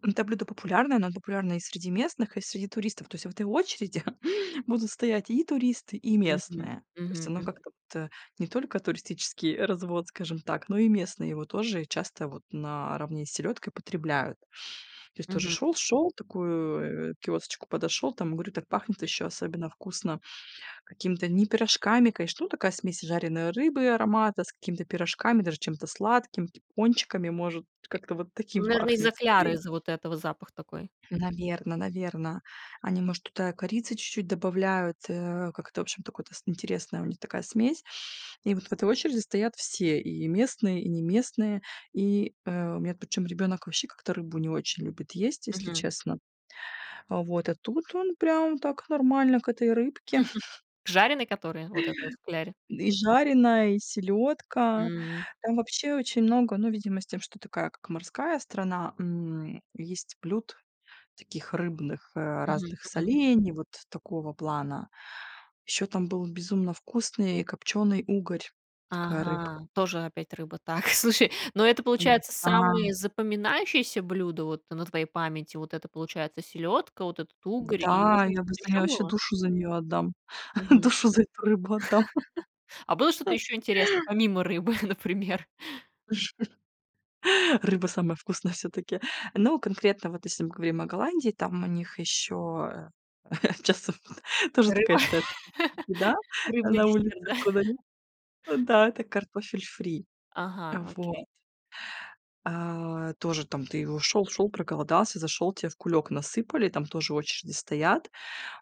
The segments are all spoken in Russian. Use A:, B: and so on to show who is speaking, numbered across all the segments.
A: Это блюдо популярное, оно популярно и среди местных, и среди туристов. То есть в этой очереди будут стоять и туристы, и
B: Мгм.
A: местные. То есть
B: Мгм,
A: оно
B: мгм.
A: как-то вот не только туристический развод, скажем так, но и местные его тоже часто вот наравне с селёдкой потребляют. То есть тоже
B: Мгм.
A: шёл-шёл, такую, а, киосочку подошёл. Там и говорю, так пахнет ещё
B: Мгм.
A: особенно вкусно какими-то не пирожками, конечно, ну, такая смесь жареной рыбы аромата с какими-то пирожками, даже чем-то сладким, [unintelligible] пончиками, может, как-то вот
B: Ну,
A: таким
B: наверное, из-за
A: пахнет
B: кляра,
A: скорее.
B: из-за вот этого запах такой.
A: Наверное-наверное. Они, может, туда корицы чуть-чуть добавляют, э, как-то, в общем, такой т с интересное у них такая смесь. И вот в этой очереди стоят все: и местные, и неместные. И, э, у меня причём ребёнок вообще как-то рыбу не очень любит есть, если
B: Мгм.
A: честно. А вот, а тут он прям так нормально к этой рыбке.
B: Жареный который? Вот это вот в кляре?
A: И жареная, и селёдка.
B: М.
A: Там вообще очень много, ну, видимо, с тем, что такая как морская страна, м, есть блюд таких рыбных
B: Мгм.
A: разных
B: Мгм.
A: солений, вот такого плана. Ещё там был безумно вкусный копчёный угорь, такая рыбка.
B: Ага, тоже опять рыба. Так, слушай, но это, получается,
A: Да.
B: самые запоминающееся блюдо вот на твоей памяти. Вот это, получается, селёдка, вот этот угорь, и,
A: Да!
B: может быть,
A: Я бы
B: что-то
A: за нее я
B: ещё
A: вообще
B: было?
A: душу за неё отдам.
B: Мгм.
A: Душу за эту рыбу отдам.
B: А было что-то ещё интересное, помимо рыбы, например?
A: Рыба самая вкусная всё-таки. Ну, конкретно вот если мы говорим о Голландии, там у них ещё, а, часто, п а, тоже такая,
B: Рыба,
A: что это еда
B: рыбный
A: на
B: десерт,
A: улице
B: да?
A: продают. Да, это картофель фри.
B: Ага,
A: А вот.
B: окей.
A: А тоже там ты у шёл шёл, проголодался, зашёл, тебе в кулёк насыпали, там тоже очереди стоят.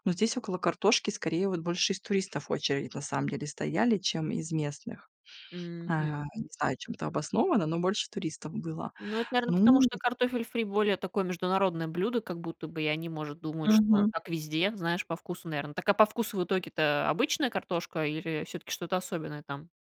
A: Но здесь около картошки, скорее, вот больше из туристов очередь, на самом деле, стояли, чем из местных. А,
B: Мгм.
A: не знаю, чем это обосновано, но больше туристов было.
B: Ну, это, наверное, потому
A: Ну,
B: что
A: в
B: картофель фри более такое международное блюдо, как будто бы. И они, может, думают, что
A: Мгм.
B: так везде, знаешь, по вкусу, наверное. Так, а по вкусу в итоге-то обычная картошка или всё-таки что-то особенное там?